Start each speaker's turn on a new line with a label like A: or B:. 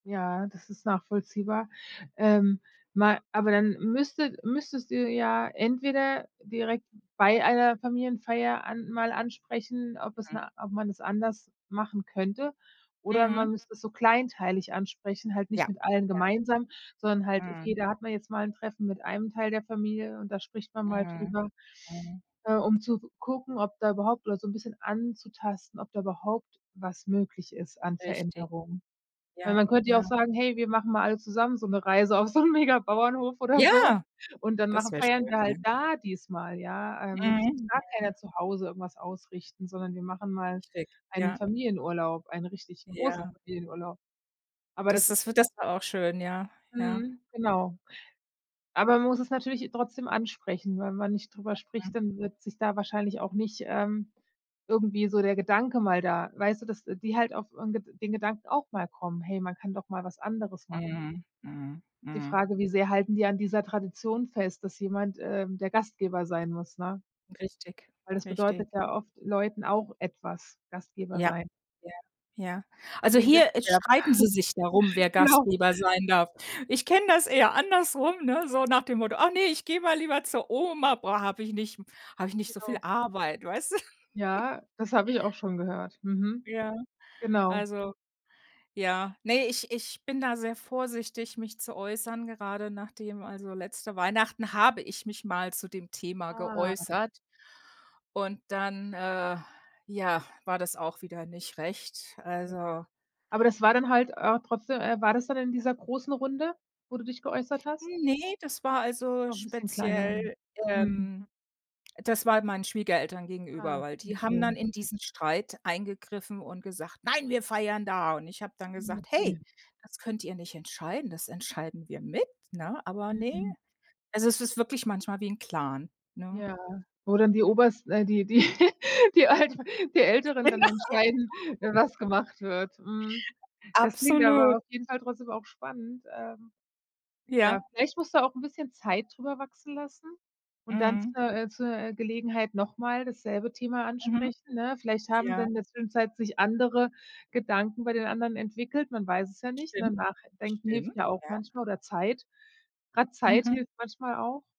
A: Ja, das ist nachvollziehbar, ähm, ma aber dann müsstet müsstest du ja entweder direkt bei einer Familienfeier an mal ansprechen, ob es
B: Mhm.
A: na ob man's anders machen könnte oder
B: Mhm.
A: man müsste es so kleinteilig ansprechen, halt nicht
B: Ja.
A: mit allen
B: Ja.
A: gemeinsam, sondern halt,
B: Mhm.
A: okay, da hat man jetzt mal 'n Treffen mit einem Teil der Familie und da spricht man mal
B: Mhm,
A: drüber,
B: mhm.
A: äh, um zu gucken, ob da überhaupt oder so 'n bisschen anzutasten, ob da überhaupt was möglich ist an
B: Richtig.
A: Veränderungen. Weil
B: Ja,
A: man könnte ja
B: ja.
A: auch sagen: „Hey, wir machen mal alle zusammen so 'ne Reise auf so 'n mega Bauernhof oder so
B: Ja!
A: und dann
B: Das
A: machen
B: wäre
A: feiern wir
B: schön, ja.
A: halt da diesmal, ja, ähm, und es muss
B: Mhm,
A: gar
B: mhm.
A: keiner zu Hause irgendwas ausrichten, sondern wir machen mal
B: Schick,
A: einen
B: ja.
A: Familienurlaub, einen richtig großen
B: Ja.
A: Familienurlaub“. Aber
B: Das
A: das
B: ist w das wär auch schön, ja, ja.
A: Mhm, genau. Aber man muss es natürlich trotzdem ansprechen, wenn man nicht darüber
B: Mhm.
A: spricht, dann wird sich da wahrscheinlich auch nicht, ähm, irgendwie so der Gedanke mal da weißt du, dass die halt auf 'n Ged den Gedanken auch mal kommen: „Hey, man kann doch mal was anderes machen.“
B: Mhm, mhm,
A: Die
B: mhm.
A: Frage, wie sehr halten die an dieser Tradition fest, dass jemand, ähm, der Gastgeber sein muss, ne?
B: Richtig,
A: Weil das
B: richtig.
A: bedeutet ja oft Leuten auch etwas, Gastgeber
B: Ja,
A: sein.
B: ja, ja.
A: So
B: Also
A: wie 'n
B: hier, äh,
A: Wettbewerb.
B: streiten sie sich darum, wer
A: Genau.
B: Gastgeber sein darf. Ich kenne das eher andersrum, ne? So nach dem Motto: Ach ne, ich gehe mal lieber zur Oma, boah habe ich nicht habe ich nicht so viel
A: Jo.
B: Arbeit“, weißt du?
A: Ja, das habe ich auch schon gehört. Mhm.
B: Ja,
A: Genau.
B: also ja ne, ich ich bin da sehr vorsichtig, mich zu äußern, gerade nachdem also letzte Weihnachten habe ich mich mal zu dem Thema
A: Ah.
B: geäußert und dann, äh, ja, war das auch wieder nicht recht.
A: Hm.
B: Also
A: Aber das war dann halt, äh, trotzdem äh, war das dann in dieser großen Runde, wo du dich geäußert hast?
B: Ne, das war also
A: Auch 'n bisschen kleiner.
B: speziell
A: Mhm.
B: ähm, das war meinen Schwiegereltern gegenüber,
A: Ah,
B: weil die haben
A: okay.
B: dann in diesen Streit eingegriffen und gesagt: „Nein, wir feiern da.“ Und ich hab dann
A: Mhm,
B: gesagt: „Hey,
A: okay.
B: das könnt ihr nicht entscheiden, das entscheiden wir mit.“ Ne? aber ne.
A: Mhm.
B: Also es ist wirklich manchmal wie 'n Clan, ne?
A: Ja. Wo dann die Obersten äh, die die die Alter die Älteren
B: Genau.
A: dann entscheiden, was gemacht wird. Mhm. Das klingt aber
B: Absolut.
A: auf jeden Fall trotzdem auch spannend, ähm. Ja,
B: Ja.
A: vielleicht musst du auch 'n bisschen Zeit darüber wachsen lassen und dann
B: Mhm.
A: zur äh, zur, äh, Gelegenheit nochmal dasselbe Thema
B: Mhm.
A: ansprechen, ne? Vielleicht haben
B: Ja.
A: dann in der Zwischenzeit sich andere Gedanken bei den anderen entwickelt, man weiß es ja nicht, ne?
B: Stimmt.
A: Nachdenken hilft
B: Stimmt,
A: ja auch
B: ja.
A: manchmal oder Zeit. Grad Zeit
B: Mhm.
A: hilft manchmal auch.